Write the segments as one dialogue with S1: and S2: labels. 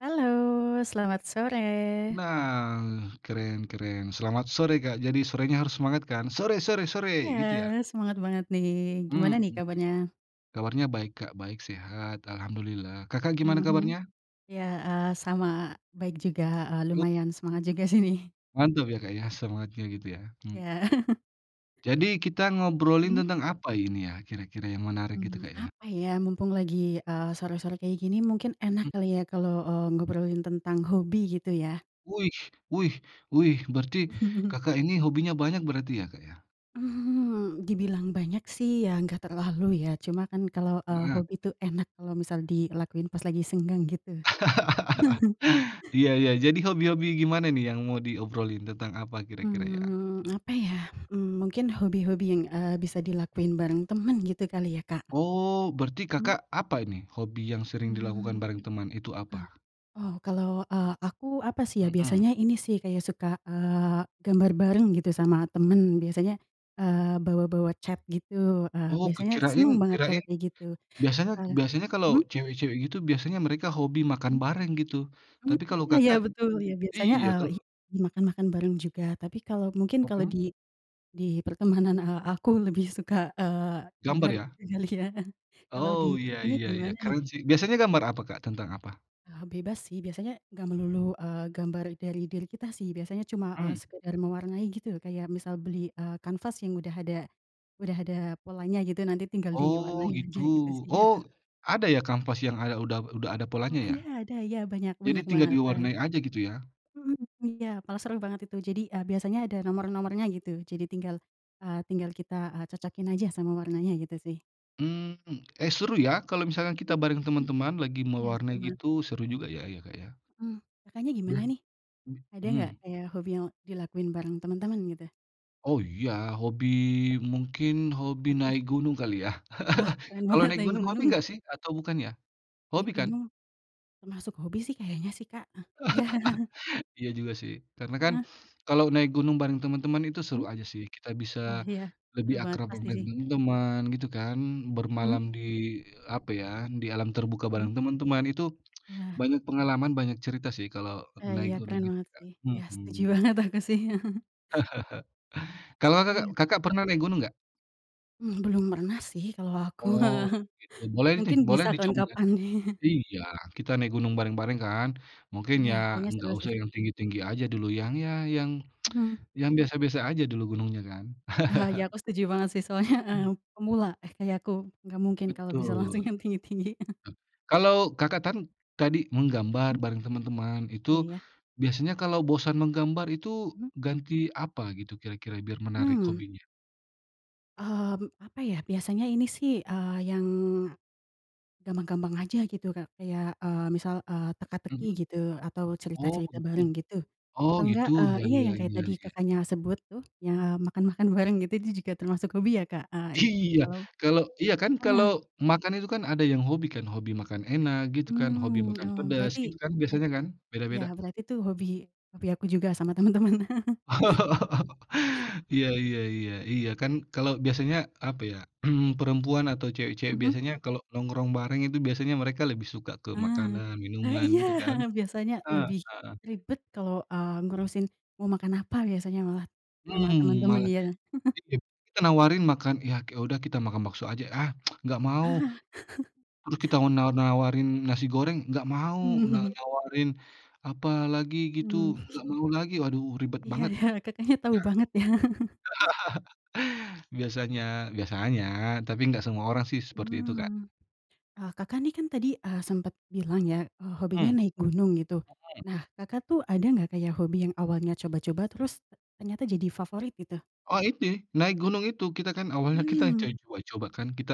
S1: Halo. Selamat sore.
S2: Nah, keren keren. Selamat sore, Kak. Jadi sorenya harus semangat kan? Sore sore
S1: Iya,
S2: sore, gitu ya.
S1: semangat banget nih. Gimana
S2: Mmm.
S1: nih kabarnya?
S2: Kabarnya baik, Kak, baik, sehat. Alhamdulillah. Kakak gimana
S1: Mhm.
S2: kabarnya?
S1: Ya, heeh, sama baik juga, heeh.
S2: E
S1: Lumayan semangat juga sih nih.
S2: Mantap ya, Kak, ya, semangatnya gitu ya. Mmm.
S1: Ya.
S2: Jadi kita ngobrolin
S1: Mhm.
S2: tentang apa ini ya, kira-kira yang menarik gitu,
S1: Mmm,
S2: Kak, ya?
S1: apa ya? Mumpung lagi, eee, sore-sore kayak gini mungkin
S2: Mhm.
S1: enak kali ya kalau, eee, ngobrolin tentang hobi gitu ya.
S2: Wih wih wih, berarti Kakak ini hobinya banyak berarti ya, Kak, ya?
S1: Hmm, dibilang banyak sih ya nggak terlalu ya. Cuma kan kalau, eee,
S2: Heeh.
S1: hobi tuh enak kalau misal dilakuin pas lagi senggang gitu.
S2: Iya iya, jadi hobi-hobi gimana nih yang mau diobrolin tentang apa kira-kira ya?
S1: Mmm, apa ya? Mmm, mungkin hobi-hobi yang, eee, bisa dilakuin bareng temen gitu kali ya, Kak.
S2: Oh, berarti
S1: Hmm.
S2: Kakak, apa ini? Hobi yang sering dilakukan
S1: Mmm,
S2: bareng teman itu
S1: a
S2: apa?
S1: oh kalau, eee, aku apa sih ya,
S2: Mhm.
S1: biasanya ini sih kayak suka, eee, gambar bareng gitu sama temen, biasanya, eee, bawa-bawa cat gitu. Eee,
S2: Oh, kec
S1: biasanya
S2: kirain
S1: senang banget kalau
S2: kirain,
S1: kayak gitu,
S2: biasanya
S1: eee,
S2: biasanya kalau
S1: mmm?
S2: cewek-cewek gitu, biasanya mereka hobi makan
S1: Mmm.
S2: bareng gitu.
S1: Mmm,
S2: Tapi kalau
S1: iya
S2: Kakak
S1: betul ya biasanya,
S2: iya,
S1: eee,
S2: kalau
S1: i dimakan-makan bareng juga. Tapi kalau mungkin kalau
S2: Mhm.
S1: di di pertemanan, eee, aku lebih suka, eee,
S2: Gambar
S1: gambar
S2: ya.
S1: kali ya, kalau di
S2: Oh iya
S1: Kakaknya
S2: iya iya,
S1: gimana nih?
S2: keren sih. Biasanya gambar apa, Kak, tentang apa?
S1: Ah bebas sih biasanya enggak melulu, eee, gambar dari diri kita sih. Biasanya cuma, eee,
S2: Mmm.
S1: sekedar mewarnai gitu. Kayak misal beli, eee, kanvas yang udah ada udah ada polanya gitu, nanti tinggal
S2: Oh,
S1: diwarnain aja gitu
S2: gitu.
S1: sih ya.
S2: Oh, ada ya kanvas yang ada udah udah ada
S1: Wah
S2: polanya ya?
S1: ada ada ya banyak,
S2: Jadi
S1: banyak
S2: tinggal
S1: banget, heeh.
S2: diwarnai aja gitu ya?
S1: Mhm, iya malah seru banget itu. Jadi, eee, biasanya ada nomor-nomornya gitu. Jadi tinggal, eee, tinggal kita, eee, cocokin aja sama warnanya gitu sih.
S2: Mmm, eh seru ya, kalau misalkan kita bareng
S1: [unintelligible]
S2: teman-teman lagi
S1: Iya seru
S2: mewarnai
S1: banget.
S2: gitu, seru juga ya ya Kak ya.
S1: Heeh. Kakaknya gimana
S2: [unintelligible]
S1: nih? Ada enggak
S2: Mmm.
S1: kayak hobi yang dilakuin bareng teman-teman gitu?
S2: Oh iya, hobi
S1: Mhm.
S2: mungkin hobi
S1: Apa tuh?
S2: naik gunung kali ya?
S1: Wah! Keren
S2: Kalau
S1: banget
S2: naik
S1: naik
S2: gunung hobi
S1: gunung.
S2: enggak sih? Atau bukan ya? Hobi
S1: Naik
S2: kan?
S1: gunung. Termasuk hobi sih kayaknya sih Kak ah, iya.
S2: Iya juga sih, karena kan
S1: Heeh.
S2: kalau naik gunung bareng temen-temen itu seru
S1: Mmm.
S2: aja sih. Kita bisa
S1: Oh iya,
S2: lebih
S1: seru banget
S2: akrab de
S1: pasti
S2: dengan
S1: sih.
S2: teman-teman gitu kan,
S1: Mmm.
S2: bermalam di apa ya, di alam terbuka
S1: Mhm.
S2: bareng teman-teman itu
S1: Wah.
S2: banyak pengalaman, banyak cerita sih kalau
S1: Wah
S2: naik
S1: iya
S2: gunung
S1: keren
S2: gitu
S1: banget
S2: Kak.
S1: sih. Iya setuju
S2: Mhm.
S1: banget aku sih.
S2: Kalau Kakak,
S1: Iya.
S2: Kakak pernah naik gunung enggak?
S1: Mmm, belum pernah sih kalau aku,
S2: Oh, gitu. Boleh nih,
S1: mungkin
S2: boleh
S1: bisa
S2: dicoba, ya.
S1: kapan-kapan.
S2: Iya, kita naik gunung bareng-bareng, kan. Mungkin
S1: Iya,
S2: ya
S1: kayaknya
S2: enggak
S1: seru, sih.
S2: usah yang tinggi-tinggi aja dulu, yang ya, yang
S1: Mmm.
S2: yang biasa-biasa aja dulu gunungnya kan?
S1: Iya, aku setuju banget, sih. Soalnya eee
S2: Hmm.
S1: pemula, eh kayak aku, nggak mungkin kalau bisa langsung
S2: Betul.
S1: yang tinggi-tinggi.
S2: Kalau Kakak tan tadi menggambar
S1: Hmm.
S2: bareng teman-teman, itu
S1: Iya, ya.
S2: biasanya kalau bosan menggambar itu
S1: Mhm.
S2: ganti apa gitu kira-kira? Biar menarik
S1: Mmm.
S2: hobinya.
S1: Ah, be apa ya, biasanya ini sih, eee, yang gampang-gampang aja gitu, Kak. Kayak, eee, misal, eee, teka-teki
S2: Mhm.
S1: gitu, atau
S2: Oh,
S1: cerita-cerita
S2: gitu.
S1: bareng gitu,
S2: Oh
S1: atau enggak,
S2: gitu,
S1: eee
S2: ya
S1: iya,
S2: ya
S1: yang kayak
S2: ya
S1: tadi
S2: ya.
S1: Kakaknya sebut, tuh ya, makan-makan bareng, gitu. Itu juga termasuk hobi ya, Kak, eee itu
S2: Iya,
S1: kalau
S2: kalau iya kan, kalau
S1: mhm.
S2: makan itu kan ada yang hobi kan, hobi makan enak, gitu kan, hobi
S1: Mmm,
S2: makan
S1: oh,
S2: pedas,
S1: berarti
S2: gitu kan biasanya kan?
S1: [unintelligible] iya,
S2: Beda-beda.
S1: berarti itu hobi hobi aku juga sama temen temen.
S2: Iya iya iya iya, kan kalau biasanya apa ya, mmm, perempuan atau cewek-cewek
S1: Mhm.
S2: biasanya kalau nongkrong bareng itu biasanya mereka lebih suka ke
S1: Ah.
S2: makanan,
S1: Ah,
S2: minuman
S1: iya!
S2: gitu, kan?
S1: Biasanya lebih
S2: Heeh.
S1: ribet kalau, eee, ngurusin mau makan apa, biasanya malah sama
S2: Hmm,
S1: temen-temen,
S2: malah
S1: ya.
S2: kita nawarin makan ya udah kita makan bakso aja. Ah, enggak mau. Terus kita mau nawar-nawarin nasi goreng, enggak mau, na
S1: Mhm.
S2: nawarin apa lagi gitu,
S1: Hmm.
S2: enggak mau lagi. Waduh ribet
S1: Iya,
S2: banget.
S1: ya, Kakaknya tahu banget, ya.
S2: Ya. Biasanya, biasanya, tapi enggak semua orang sih seperti itu, Kak.
S1: Hmm. Ah, Kakak ini kan tadi, eee, sempet bilang ya, eee, hobinya
S2: Mmm.
S1: naik gunung, gitu. Nah, Kakak tuh ada nggak kayak hobi yang awalnya coba-coba terus ternyata jadi favorit, gitu?
S2: Oh ini, naik gunung itu, kita kan awalnya kita
S1: Hmm.
S2: cari coba-coba kan, kita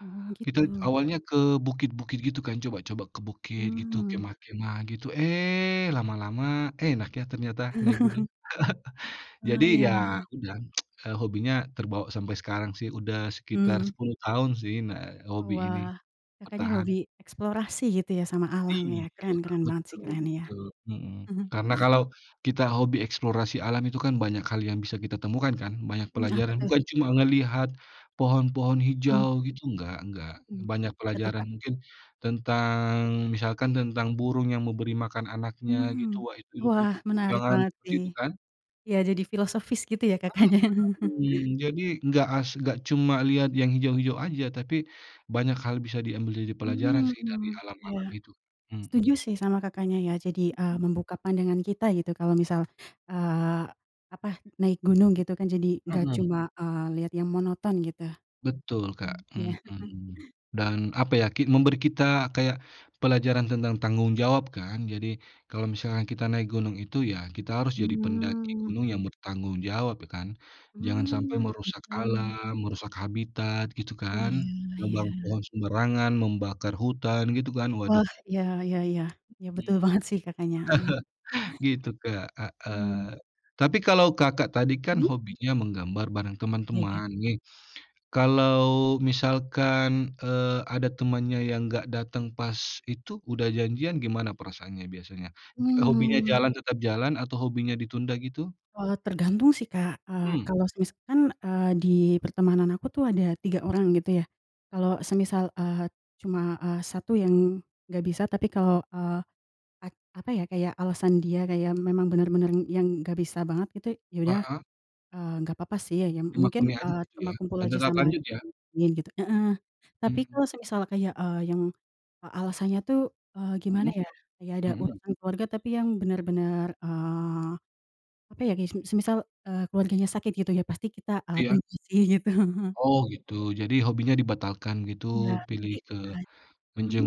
S1: Oh,
S2: kita
S1: gitu.
S2: awalnya ke bukit-bukit gitu kan, coba-coba ke bukit gitu,
S1: Mmm.
S2: kemah-kemah, gitu. Eh, lama-lama enak ya, ternyata naik gunung. Jadi,
S1: Oh,
S2: ya
S1: ya.
S2: udah, eee, hobinya terbawa sampai sekarang sih, udah sekitar
S1: Hmm.
S2: 10 tahun sih, nah hobi ini
S1: Wah, Kakaknya
S2: bertahan.
S1: hobi eksplorasi gitu ya, sama alam ya,
S2: Iya,
S1: keren
S2: Kak,
S1: keren banget sih,
S2: betul
S1: keren, iya.
S2: betul. Mhm.
S1: Mhm.
S2: Karena kalau kita hobi eksplorasi alam itu kan, banyak hal yang bisa kita temukan, kan? Banyak
S1: Mmm, apa,
S2: pelajaran.
S1: tuh?
S2: Bukan cuma ngelihat pohon-pohon
S1: Mmm.
S2: hijau gitu, enggak enggak.
S1: Mmm,
S2: Banyak
S1: apa tuh,
S2: pelajaran
S1: Kak?
S2: mungkin tentang misalkan tentang burung yang memberi makan anaknya gitu,
S1: Mmm,
S2: wah, itu itu butuh
S1: wah, menarik
S2: perjuangan
S1: banget
S2: seperti
S1: sih,
S2: itu kan?
S1: ya jadi filosofis gitu ya,
S2: Mhm
S1: katanya.
S2: mhm, jadi enggak as enggak cuma lihat yang hijau-hijau aja, tapi banyak hal bisa diambil jadi pelajaran sih dari
S1: Mmm, ya,
S2: alam-alam itu.
S1: setuju
S2: Mhm.
S1: sih, sama Kakaknya, ya. Jadi, eee,
S2: Mhm.
S1: membuka pandangan kita, gitu, kalau misal, eee, apa, naik gunung, gitu kan. Jadi nggak
S2: Mhm.
S1: cuma, eee, lihat yang monoton, gitu.
S2: Betul, Kak,
S1: Mmm, iya, heeh.
S2: mhm. Dan apa ya, ki memberi kita kayak pelajaran tentang tanggung jawab kan? Jadi, kalau misalkan kita naik gunung itu ya, kita harus jadi pendaki
S1: Hmm.
S2: gunung yang bertanggung jawab, ya kan? Jangan sampai
S1: Hmm,
S2: merusak
S1: betul.
S2: alam, merusak habitat, gitu
S1: Oh,
S2: kan?
S1: iya
S2: Nebang
S1: iya.
S2: pohon sembarangan, membakar hutan gitu kan? Waduh.
S1: Wah. Iya iya iya, betul
S2: Mhm.
S1: banget sih, Kakaknya, heeh.
S2: Gitu, Kak,
S1: Hmm.
S2: heeh. Tapi kalau Kakak tadi kan
S1: Hmm?
S2: hobinya menggambar bareng
S1: Iya, ya.
S2: teman-teman, nih. Kalau misalkan, eee, ada temannya yang enggak datang pas itu udah janjian, gimana perasaannya biasanya? Hobinya
S1: Hmm.
S2: jalan tetap jalan atau hobinya ditunda gitu?
S1: Eee, tergantung sih, Kak. Eee,
S2: Hmm.
S1: kalau semisalkan, eee, di pertemanan aku tuh, ada 3 orang, gitu ya. Kalau semisal, eee, cuma. eee, 1 yang enggak bisa, tapi kalau, eee, a apa ya, kayak alasan dia kayak memang bener-bener yang gak bisa banget gitu, ya udah,
S2: Heeh.
S1: eee, gak apa-apa sih ya, mungkin,
S2: Dimaklumi aja
S1: eee,
S2: gitu,
S1: cuma
S2: ya.
S1: kumpul
S2: Dan
S1: aja
S2: tetap
S1: sama,
S2: lanjut, ya.
S1: [unintelligible] gitu. Heeh. Tapi kalau
S2: Hmm.
S1: semisal kayak, eee, yang alasannya tuh, eee, gimana
S2: Mhm.
S1: ya, kayak ada
S2: Mhm.
S1: urusan keluarga, tapi yang bener-bener, eee, apa ya, kayak se semisal, eee, keluarganya sakit gitu ya, pasti kita, eee,
S2: Iya.
S1: tunjukin, gitu.
S2: Oh, gitu. Jadi hobinya dibatalkan gitu,
S1: Iya
S2: pilih ke
S1: [unintelligible]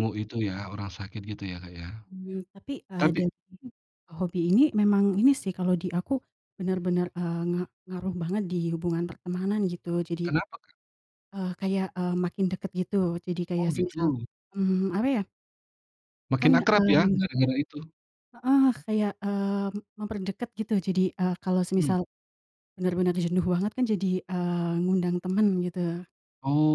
S1: mhm.
S2: itu ya, orang sakit gitu ya, Kak ya?
S1: Hmm, tapi, eee,
S2: Tapi
S1: dari hobi ini memang ini sih, kalau di aku bener-bener, eee, nga ngaruh banget di hubungan pertemanan, gitu. Jadi,
S2: Kenapa, Kak?
S1: eee, kayak, eee, makin dekat, gitu. Jadi kayak
S2: Oh,
S1: semisal,
S2: gitu.
S1: mmm, apa ya
S2: Makin
S1: Kan,
S2: akrab
S1: eee
S2: ya, gara-gara itu.
S1: heeh, kayak, eee, memperdekat, gitu. Jadi, eee, kalau
S2: Hmm.
S1: semisal bener-bener jenuh banget kan, jadi ,eee, ngundang temen gitu,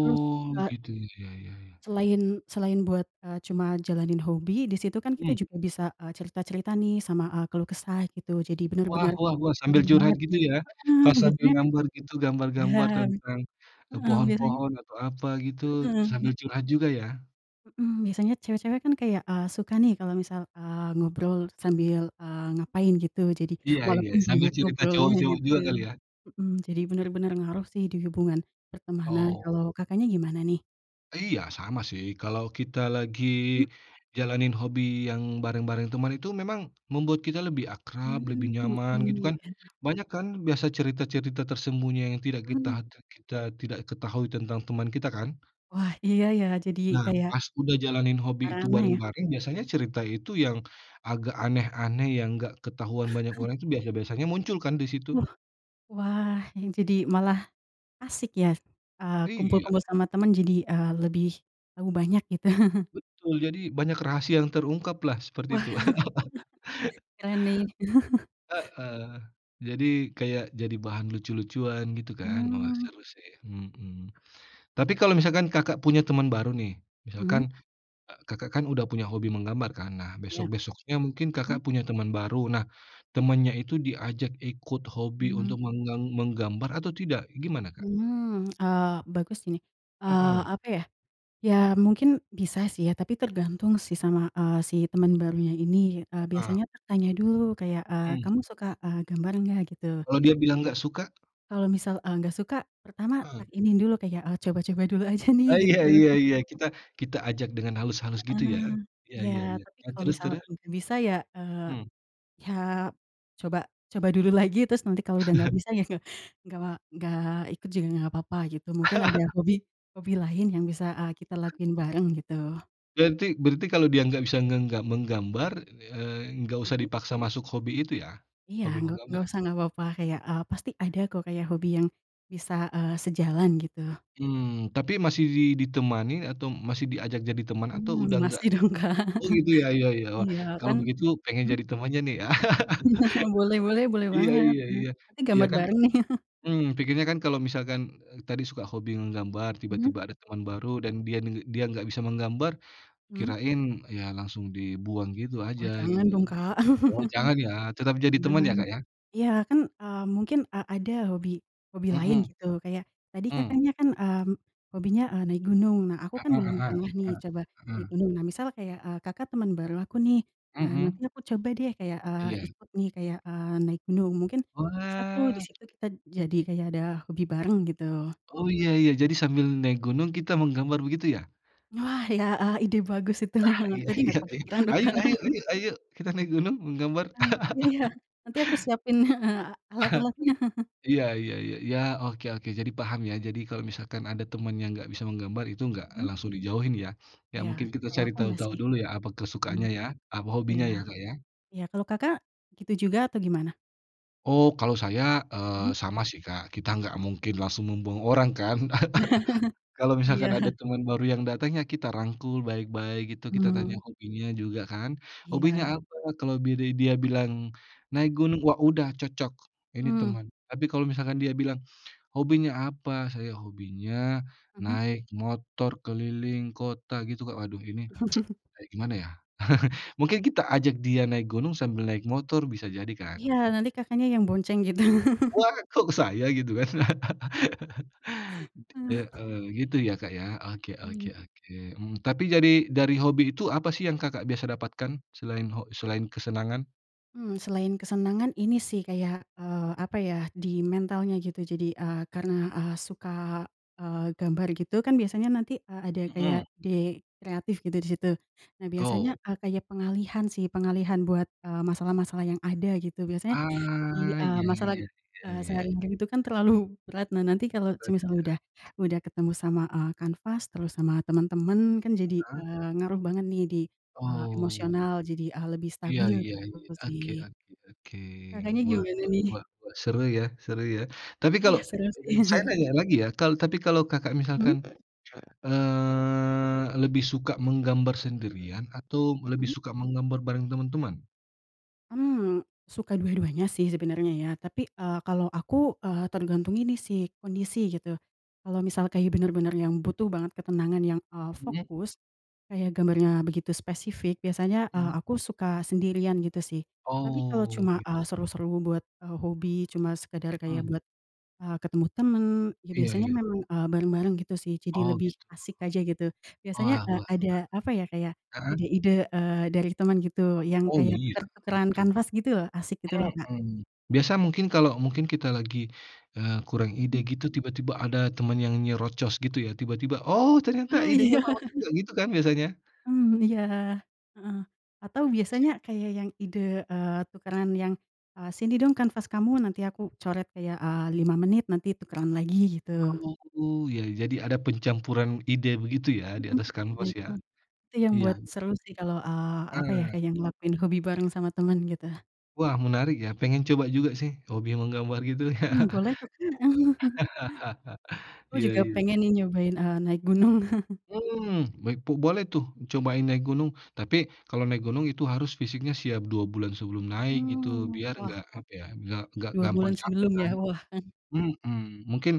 S1: terus, eee
S2: gitu, ya ya ya.
S1: Selain selain buat, eee, cuma jalanin hobi, di situ kan kita
S2: Mhm.
S1: juga bisa, eee, cerita-cerita nih, sama, eee, keluh kesah, gitu. Jadi,
S2: Wah
S1: bener-bener
S2: wah wah, sambil
S1: ngaruh
S2: curhat
S1: banget di
S2: gitu, ya.
S1: heeh,
S2: Pas sambil
S1: biasanya kan
S2: ngambar gitu,
S1: ya
S2: gambar-gambar tentang
S1: heeh, biasanya
S2: pohon-pohon atau apa gitu,
S1: Mhm.
S2: sambil curhat juga, ya.
S1: Mhm, biasanya cewek-cewek kan, kayak, eee, suka nih, kalau misal, eee, ngobrol sambil, eee, ngapain, gitu. Jadi,
S2: Iya iya,
S1: walaupun
S2: sambil
S1: banyak
S2: cerita
S1: ngobrolnya,
S2: cowok-cowok
S1: gitu.
S2: juga kali, ya?
S1: Mhm, jadi benar-benar ngaruh sih, di hubungan pertemanan,
S2: Oh.
S1: kalau, Kakaknya gimana nih?
S2: Iya, sama sih. Kalau, kita lagi
S1: Mmm.
S2: jalanin hobi yang bareng-bareng teman, itu memang membuat kita lebih akrab, lebih
S1: Hmm, oke,
S2: nyaman, gitu kan?
S1: enak.
S2: Banyak kan, biasa cerita-cerita tersembunyi yang tidak kita
S1: Mmm.
S2: tidak kita tidak ketahui tentang teman kita, kan?
S1: Wah, Iya ya, jadi
S2: Nah,
S1: kayak
S2: pas udah jalanin hobi itu
S1: merana ya?
S2: bareng-bareng, biasanya cerita itu yang agak aneh-aneh, yang enggak ketahuan banyak orang, itu biasa biasanya muncul kan, di situ?
S1: Wah, wah, yang jadi malah asik ya, eee,
S2: Iya.
S1: kumpul-kumpul sama teman, jadi, eee, lebih tahu banyak, gitu?
S2: Betul. Jadi, banyak rahasia yang terungkaplah,
S1: Wah.
S2: seperti itu.
S1: Keren nih.
S2: Heeh. Jadi, kayak, jadi bahan lucu-lucuan, gitu kan, wah,
S1: Mmm.
S2: seru sih, mhm. Tapi, kalau misalkan Kakak punya temen baru nih,
S1: Mmm?
S2: misalkan, eee, Kakak kan, udah punya hobi menggambar kan? Nah,
S1: Iya.
S2: besok-besoknya mungkin
S1: Hmm?
S2: Kakak punya teman baru. Nah, temannya itu diajak ikut hobi
S1: Mmm.
S2: untuk menggang menggambar atau tidak? Gimana, Kak?
S1: Hmm, eee, bagus ini, eee,
S2: Mhm.
S1: apa ya. Ya, mungkin bisa sih ya, tapi tergantung sih, sama, eee, si temen barunya ini, eee,
S2: Heeh.
S1: biasanya tanya dulu, kayak, eee,
S2: Mmm.
S1: "Kamu suka, eee, gambar nggak?" gitu.
S2: Kalau dia bilang enggak suka?
S1: Kalau misal, eee, nggak suka, pertama tak
S2: Mhm.
S1: ini dulu, kayak, eee, coba-coba dulu aja nih,
S2: Oh
S1: gitu.
S2: iya iya iya, kita kita ajak dengan halus-halus, gitu ya?
S1: Heeh.
S2: Iya
S1: Iya.
S2: iya iya,
S1: Tapi,
S2: nah
S1: kalau
S2: terus
S1: misal
S2: terus?
S1: mungkin bisa ya, eee,
S2: Hmm.
S1: ya coba coba dulu lagi. Terus, nanti kalau udah nggak bisa, ya nggak, nggak nggak ikut juga nggak papa, gitu. Mungkin, ada hobi hobi lain yang bisa, eee, kita lakuin bareng, gitu.
S2: Berarti berarti, kalau dia nggak bisa ngega menggambar, eee, nggak usah
S1: Mmm.
S2: dipaksa masuk hobi itu, ya?
S1: Iya,
S2: Hobi
S1: ngga
S2: menggambar,
S1: nggak
S2: ya?
S1: usah nggak apa-apa, kayak, eee, pasti ada kok kayak hobi yang bisa, eee, sejalan, gitu.
S2: Hmm, tapi masih di ditemani? Atau, masih diajak, jadi teman, atau udah
S1: Hmm,
S2: nggak?
S1: masih dong, Kak.
S2: Oh, gitu ya ya ya. Wah,
S1: Iya,
S2: kalau
S1: kan
S2: begitu pengen
S1: mmm?
S2: jadi temannya nih, ya.
S1: Boleh boleh boleh
S2: Iya
S1: banget,
S2: iya
S1: heeh,
S2: iya
S1: tapi,
S2: iya
S1: gambar
S2: kan.
S1: bareng nih?
S2: Mmm, pikirnya kan, kalau misalkan, eee, tadi suka hobi menggambar,
S1: Mmm?
S2: tiba-tiba ada teman baru dan dia, ng dia nggak bisa menggambar.
S1: Mmm?
S2: Kirain, ya, langsung dibuang gitu aja,
S1: Oh, jangan
S2: gitu.
S1: dong, Kak.
S2: Oh, jangan ya? Tetap, jadi teman ya,
S1: Jangan
S2: Kak, ya?
S1: iya, kan, eee, mungkin, eee, ada hobi hobi lain,
S2: Mhm.
S1: gitu, kayak, tadi
S2: Mmm.
S1: Kakaknya kan, mmm, hobinya, eee, naik gunung. Nah, aku
S2: Ah
S1: kan
S2: hah
S1: belum
S2: ah
S1: pernah nih,
S2: hah,
S1: coba
S2: ah,
S1: naik
S2: mmm.
S1: gunung, nah, misal kayak, eee, Kakak temen baru aku nih. Nah, nanti
S2: Mmm.
S1: aku coba deh kayak, eee,
S2: Iya.
S1: ikut nih, kayak, eee, naik gunung. Mungkin, bisa tuh, di
S2: Wah.
S1: situ kita jadi kayak ada hobi bareng, gitu.
S2: Oh, iya iya. Jadi, sambil naik gunung kita menggambar, begitu ya?
S1: Wah, iya, eee, ide bagus itu.
S2: Ah, iya
S1: Tadi nggak
S2: iya iya,
S1: kepikiran loh,
S2: ayo
S1: Kak.
S2: ayo ayo ayo, kita naik gunung, menggambar.
S1: Eee, iya iya. Nanti aku siapin heeh, alat-alatnya.
S2: Iya iya iya iya, oke oke. Jadi, paham ya, jadi, kalau misalkan ada temen yang nggak bisa menggambar, itu nggak
S1: Mmm?
S2: langsung dijauhin ya. Ya,
S1: Iya,
S2: mungkin kita
S1: kalau
S2: cari
S1: aku nggak
S2: tahu-tahu
S1: sih.
S2: dulu ya, apa
S1: Mmm.
S2: kesukaannya ya, apa hobinya
S1: Iya.
S2: ya, Kak, ya?
S1: Iya, kalau Kakak, gitu juga? Atau, gimana?
S2: Oh, kalau saya,
S1: Hmm?
S2: eee, sama sih, Kak, kita enggak mungkin langsung membuang orang, kan. Kalau, misalkan ada
S1: Iya.
S2: teman baru yang datang, ya kita rangkul baik-baik gitu, kita tanya
S1: Mhm.
S2: hobinya juga kan, "Hobinya
S1: Iya.
S2: apa?" kalau bi di dia bilang, "Naik gunung." wah, udah cocok, ini
S1: Mmm.
S2: teman. Tapi, kalau misalkan dia bilang, "Hobinya apa?" "Saya, hobinya
S1: Mhm.
S2: naik motor keliling kota." gitu Kak, waduh, ini kayak gimana ya. Mungkin, kita ajak dia naik gunung sambil naik motor, bisa jadi kan?
S1: Iya, nanti Kakaknya yang bonceng, gitu.
S2: "Wah, kok saya?" gitu kan. Heeh, gitu ya, Kak, ya. Oke oke
S1: Mmm.
S2: oke, eee, tapi dari dari hobi itu apa sih yang Kakak biasa dapatkan, selain ho selain kesenangan?
S1: Mmm, selain kesenangan, ini sih, kayak, eee, apa ya, di mentalnya, gitu. Jadi, eee, karena, eee, suka, eee, gambar gitu, kan biasanya nanti, eee, ada kayak
S2: Mhm.
S1: ide kreatif, gitu, di situ. Nah, biasanya,
S2: Oh.
S1: eee, kayak pengalihan sih, pengalihan buat, eee, masalah-masalah yang ada, gitu, biasanya di,
S2: Ah,
S1: eee,
S2: iya iya
S1: masalah,
S2: iya iya
S1: eee,
S2: iya.
S1: sehari-hari, itu kan terlalu berat. Nah, nanti kalau semisal
S2: [unintelligible]
S1: udah udah ketemu sama, eee, kanvas terus sama teman-teman, kan, jadi,
S2: Heeh?
S1: eee, ngaruh banget nih, di, eee,
S2: Oh.
S1: emosional jadi, eee, lebih
S2: Iya
S1: stabil,
S2: iya
S1: gitu
S2: iya, oke
S1: sih.
S2: oke oke.
S1: Kakaknya,
S2: Wah
S1: gimana
S2: wah
S1: nih?
S2: wah wah, seru ya seru ya. Tapi,
S1: Iya,
S2: kalau
S1: seru sih.
S2: saya nanya lagi ya, kal tapi kalau Kakak
S1: Hmm?
S2: misalkan, eee, lebih suka menggambar sendirian atau, lebih
S1: Mhm?
S2: suka menggambar bareng teman-teman?
S1: Mmm. Suka dua-duanya sih, sebenarnya, ya. Tapi, eee, kalau aku, eee, tergantung ini sih, kondisi, gitu. Kalau misalnya, kayak, benar-benar yang butuh banget ketenangan yang, eee,
S2: Mmm?
S1: fokus, kayak gambarnya begitu spesifik, biasanya, eee,
S2: Mmm.
S1: aku suka sendirian, gitu sih. Tapi, kalau
S2: Oh,
S1: cuma, eee,
S2: gitu.
S1: seru-seru buat, eee, hobi, cuma sekedar kayak
S2: Mmm.
S1: buat, eee, ketemu teman, ya
S2: Iya
S1: biasanya
S2: iya.
S1: memang, eee, bareng-bareng, gitu sih, jadi
S2: Oh,
S1: lebih
S2: gitu?
S1: asik aja, gitu. Biasanya,
S2: Wah wah wah
S1: eee,
S2: wah.
S1: ada, apa ya, kayak
S2: Heeh?
S1: ide-ide, eee, dari teman, gitu, yang
S2: Oh,
S1: kayak
S2: iya,
S1: tukar-tukaran
S2: betul.
S1: kanvas, gitu loh, asik gitu loh, Kak.
S2: Mmm. Biasa, mungkin kalau mungkin kita lagi, eee, kurang ide,
S1: Mmm.
S2: gitu, tiba-tiba ada temen yang nyerocos, gitu ya? Tiba-tiba, "Oh, ternyata
S1: Ah,
S2: idenya
S1: iya.
S2: bagus juga," gitu kan, biasanya?
S1: Mmm, iya, heeh, atau
S2: Toxic.
S1: biasanya kayak yang ide, eee, tukaran yang, eee, "Sini dong kanvas kamu, nanti aku coret, kayak, eee, 5 menit, nanti tukeran lagi," gitu.
S2: Oh, ya ya. Jadi, ada pencampuran ide begitu ya, di
S1: Mmm.
S2: atas
S1: Nah
S2: kanvas,
S1: itu
S2: ya?
S1: itu yang buat
S2: Iya.
S1: seru sih, kalau, eee, apa ya,
S2: Heeh.
S1: kayak ngelakuin hobi bareng sama teman, gitu.
S2: Wah, menarik ya, pengen coba juga sih hobi menggambar gitu ya.
S1: Mmm boleh kok Kak. Aku
S2: Iya,
S1: juga
S2: iya.
S1: pengen nih nyobain, eee, naik gunung.
S2: Mmm, baik bu boleh tuh, cobain naik gunung. Tapi kalau naik gunung itu harus fisiknya siap 2 bulan sebelum naik gitu,
S1: Mhm.
S2: biar
S1: Wah.
S2: enggak apa ya, biar enggak
S1: 2
S2: gampang
S1: bulan
S2: capek
S1: sebelum ya.
S2: kan.
S1: Wah. Heeh.
S2: Mhm, mungkin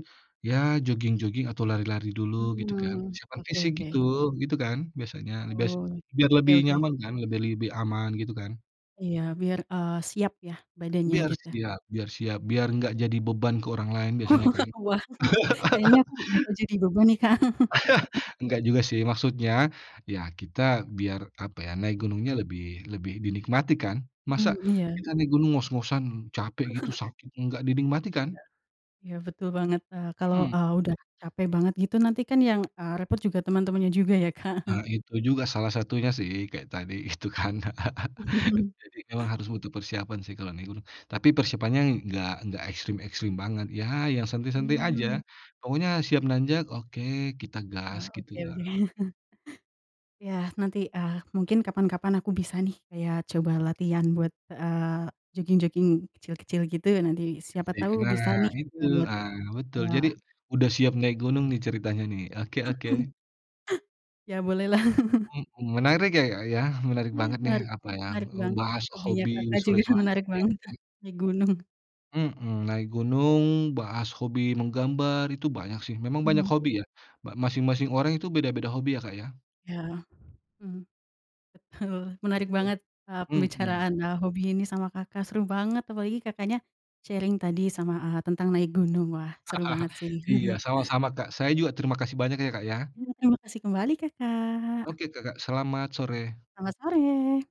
S2: ya joging-joging atau lari-lari dulu gitu kan.
S1: Heeh.
S2: Persiapan
S1: Oke
S2: fisik gitu,
S1: oke.
S2: gitu kan, biasanya, bias
S1: Oke
S2: biar lebih
S1: oke.
S2: nyaman kan, biar lebih aman gitu kan.
S1: Iya biar, eee, siap ya badannya,
S2: Biar
S1: gitu.
S2: siap biar siap, biar enggak jadi beban ke orang lain, biasanya kan.
S1: Wah kayaknya aku bakal jadi beban nih Kak.
S2: Enggak juga sih, maksudnya, ya kita biar apa ya, naik gunungnya lebih lebih dinikmati, kan. Masa
S1: Hmm. Iya.
S2: kita naik gunung ngos-ngosan, capek gitu, sakit, enggak dinikmati, kan.
S1: Iya. Iya, betul banget, eee, kalau,
S2: Mhm.
S1: eee, udah capek banget gitu nanti kan yang, eee, repot juga teman-temannya juga ya Kak.
S2: Eee, itu juga salah satunya sih, kayak tadi itu kan. Jadi memang harus butuh persiapan sih kalau naik gunung. Tapi persiapannya enggak enggak ekstrim-ekstrim banget. Ya, yang santai-santai aja.
S1: Mmm.
S2: Pokoknya siap nanjak, oke, kita gas,
S1: Oh,
S2: gitu
S1: oke
S2: ya.
S1: oke. Ya nanti, eee, mungkin kapan-kapan aku bisa nih kayak coba latihan buat, eee, joging-joging kecil-kecil gitu. Nanti
S2: [unintelligible]
S1: siapa
S2: Ya
S1: tahu
S2: karena
S1: bisa nih
S2: itu,
S1: ngebuat,
S2: eee, betul.
S1: eee
S2: Jadi udah siap naik gunung nih ceritanya nih. Oke, oke.
S1: Ya
S2: Wet
S1: bolehlah.
S2: mhm, menarik ya Kak ya, menarik
S1: Mmm,
S2: banget nih
S1: menarik
S2: apa yang,
S1: menarik
S2: eee,
S1: banget.
S2: bahas
S1: Hobinya
S2: hobi
S1: Kakak juga
S2: sore-sore,
S1: menarik
S2: ya
S1: banget tuh
S2: kan?
S1: di gunung.
S2: Mhm, naik gunung, bahas hobi menggambar itu banyak sih. Memang banyak
S1: Hmm.
S2: hobi ya. Ba masing-masing orang itu beda-beda hobi ya, Kak, ya?
S1: Iya hmm. Betul, menarik
S2: Bet
S1: banget, eee,
S2: Mhm.
S1: pembicaraan, eee, hobi ini sama Kakak, seru banget. Apalagi Kakaknya sharing tadi sama, eee, tentang naik gunung. Wah seru banget sih.
S2: Iya, sama-sama, Kak. Saya juga terima kasih banyak ya, Kak, ya.
S1: Ya. Terima kasih kembali Kakak.
S2: Oke Kakak, selamat sore.
S1: Selamat sore.